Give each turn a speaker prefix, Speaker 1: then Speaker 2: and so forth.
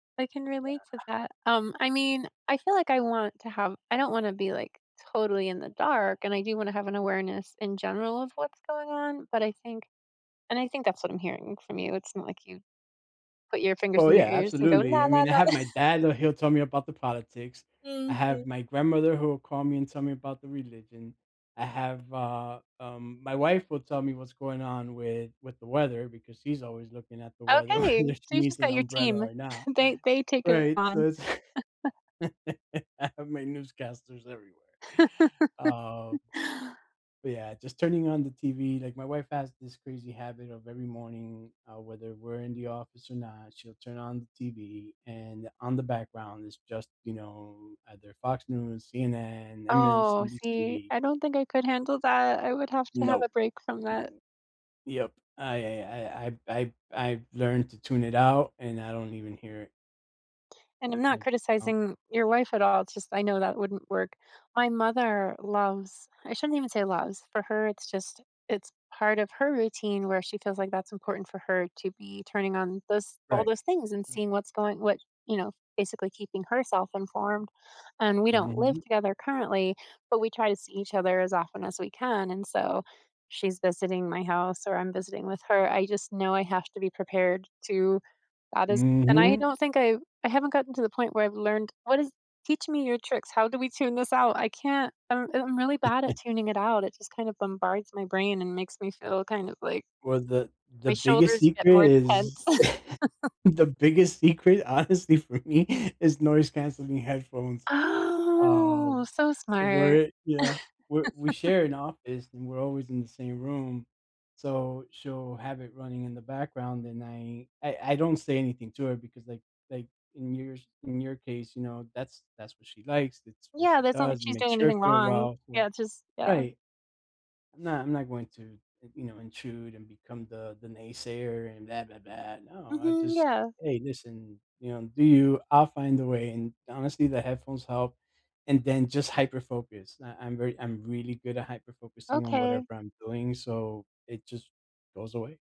Speaker 1: I can
Speaker 2: Yeah.
Speaker 1: relate to that, um, I mean, I feel like I want to have I don't wanna be, like, totally in the dark, and I do wanna have an awareness in general of what's going on, but I think and I think that's what I'm hearing from you, it's not like you put your fingers
Speaker 2: Oh
Speaker 1: in your
Speaker 2: yeah,
Speaker 1: ears, and go,
Speaker 2: absolutely.
Speaker 1: la,
Speaker 2: I
Speaker 1: la,
Speaker 2: mean, I
Speaker 1: la,
Speaker 2: have
Speaker 1: la
Speaker 2: my dad, l he'll tell me about the politics. I have
Speaker 1: Mhm.
Speaker 2: my grandmother who will call me and tell me about the religion. I have a, um my wife will tell me what's going on with with the weather, because she's always looking at the weather
Speaker 1: Okay,
Speaker 2: whether
Speaker 1: so
Speaker 2: she
Speaker 1: you
Speaker 2: needs
Speaker 1: just
Speaker 2: an
Speaker 1: got your
Speaker 2: umbrella
Speaker 1: team.
Speaker 2: or not.
Speaker 1: They they take it
Speaker 2: Right, so
Speaker 1: on.
Speaker 2: it's I have my newscasters everywhere, um But, yeah, just turning on the TV, like, my wife has this crazy habit of every morning, uh, whether we're in the office or not, she'll turn on the TV, and on the background is just, you know, either Fox News, CNN,
Speaker 1: Oh, see,
Speaker 2: MSNBC
Speaker 1: I don't think I could handle that, I would have to have
Speaker 2: Nope.
Speaker 1: a break from that.
Speaker 2: No. Yep, I I I I've I've I've learned to tune it out, and I don't even hear it.
Speaker 1: And I'm
Speaker 2: I
Speaker 1: not
Speaker 2: just don't.
Speaker 1: criticizing your wife at all, it's just I know that wouldn't work. My mother loves I shouldn't even say loves, for her it's just it's part of her routine where she feels like that's important for her to be turning on those all
Speaker 2: Right.
Speaker 1: those things, and seeing what's going what you know, basically keeping herself informed, and we don't live
Speaker 2: Mhm.
Speaker 1: together currently, but we try to see each other as often as we can, and so she's visiting my house, or I'm visiting with her, I just know I have to be prepared to, uh, those and I
Speaker 2: Mhm.
Speaker 1: don't think I've I haven't gotten to the point where I've learned what is Teach me your tricks, how do we tune this out? I can't I don't uh, I'm really bad at tuning it out, it just kind of bombards my brain and makes me feel kind of like
Speaker 2: Well, the the
Speaker 1: my
Speaker 2: biggest
Speaker 1: shoulders get
Speaker 2: secret
Speaker 1: more tense.
Speaker 2: is the biggest secret honestly for me is noise-cancelling headphones,
Speaker 1: Oh,
Speaker 2: um,
Speaker 1: so
Speaker 2: where
Speaker 1: smart.
Speaker 2: it Yeah, we're we share an office, and we're always in the same room, so she'll have it running in the background, and I I I don't say anything to her, because, like like, in your s in you case, you know, that's that's what she likes, it's what
Speaker 1: Yeah,
Speaker 2: she
Speaker 1: that's not like
Speaker 2: does and
Speaker 1: she's doing
Speaker 2: makes her
Speaker 1: anything
Speaker 2: feel
Speaker 1: wrong.
Speaker 2: well, so
Speaker 1: Yeah, it's just yeah.
Speaker 2: Right. Nah, I'm not going to in you know, intrude and become the the naysayer and, blah, blah, blah, no, I
Speaker 1: Mhm,
Speaker 2: just
Speaker 1: yeah.
Speaker 2: "Hey listen, you know, do you, I'll find a way," and honestly the headphones help, and then just hyperfocus. I I'm very I'm really good at hyperfocusing on
Speaker 1: Okay.
Speaker 2: whatever I'm doing so it just goes away.